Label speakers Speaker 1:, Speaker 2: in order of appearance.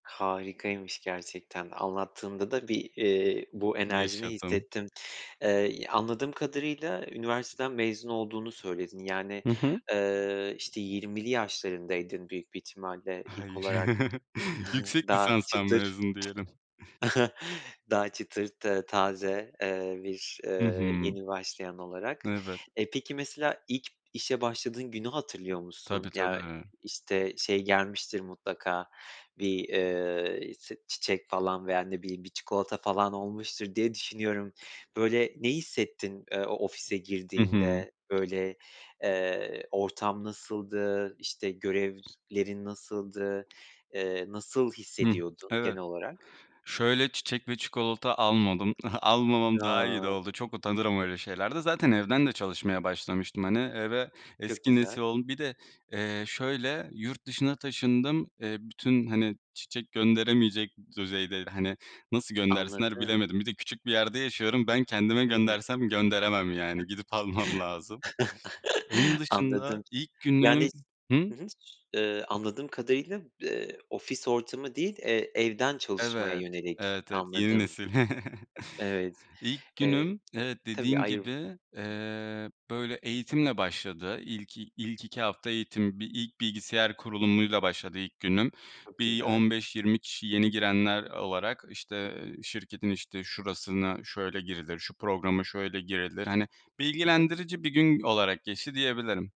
Speaker 1: Harikaymış gerçekten anlattığında da bir, eee, bu enerjini
Speaker 2: Yaşadım.
Speaker 1: hissettim. Eee, anladığım kadarıyla üniversiteden mezun olduğunu söyledin. Yani,
Speaker 2: Hı hı.
Speaker 1: eee, işte, 20'li yaşlarındaydın büyük bir ihtimalle ilk
Speaker 2: Hayır.
Speaker 1: olarak
Speaker 2: Yüksek
Speaker 1: daha
Speaker 2: lisanstan
Speaker 1: çıtır,
Speaker 2: mezun diyelim.
Speaker 1: daha çıtır ta taze, eee, bir,
Speaker 2: Hı
Speaker 1: eee,
Speaker 2: hı.
Speaker 1: yeni başlayan olarak.
Speaker 2: Evet.
Speaker 1: E peki, mesela ilk işe başladığın günü hatırlıyor
Speaker 2: Tabii
Speaker 1: musun? Ya
Speaker 2: tabii
Speaker 1: işte şey gelmiştir mutlaka; bir, eee, s çiçek falan veya ne bileyim bir çikolata falan olmuştur, diye düşünüyorum. Böyle ne hissettin, eee, o ofise
Speaker 2: Hı hı.
Speaker 1: girdiğinde, böyle, eee, ortam nasıldı? İşte görevlerin nasıldı? Eee, nasıl
Speaker 2: Hıh,
Speaker 1: hissediyordun
Speaker 2: evet.
Speaker 1: genel olarak?
Speaker 2: Şöyle çiçek ve çikolata almadım. Almamam daha iyi de
Speaker 1: Ya.
Speaker 2: oldu. Çok utanırım öyle şeylerde. Zaten evden de çalışmaya başlamıştım hani. E ve
Speaker 1: Çok
Speaker 2: eski nesil
Speaker 1: güzel.
Speaker 2: olduğum Bir de, eee, şöyle yurt dışına taşındım. Eee, bütün, hani, çiçek gönderemeyecek düzeyde, hani, nasıl göndersinler
Speaker 1: Anladım.
Speaker 2: bilemedim. Bir de küçük bir yerde yaşıyorum. Ben kendime
Speaker 1: Hı.
Speaker 2: göndersem, gönderemem yani. Gidip almam lazım. Onun dışında
Speaker 1: Anladım.
Speaker 2: ilk
Speaker 1: Yani,
Speaker 2: günüm Hı?
Speaker 1: hı hı, ııı, anladığım kadarıyla, ııı, ofis ortamı değil, eee, evden çalışmaya
Speaker 2: Evet,
Speaker 1: yönelik,
Speaker 2: evet, evet yeni
Speaker 1: anladım.
Speaker 2: nesil.
Speaker 1: Evet.
Speaker 2: İlk
Speaker 1: Eee,
Speaker 2: günüm evet
Speaker 1: tabii
Speaker 2: dediğin
Speaker 1: ayrı
Speaker 2: gibi, eee, böyle eğitimle başladı. İlk i ilk 2 hafta eğitim, bir ilk bilgisayar kurulumuyla başladı ilk günüm.
Speaker 1: Çok
Speaker 2: Bir,
Speaker 1: güzel.
Speaker 2: 15-20 kişi yeni girenler olarak işte, eee, "Şirketin işte şurasına şöyle girilir, şu programa şöyle girilir." hani
Speaker 1: Hı hı.
Speaker 2: bilgilendirici bir gün olarak geçti diyebilirim.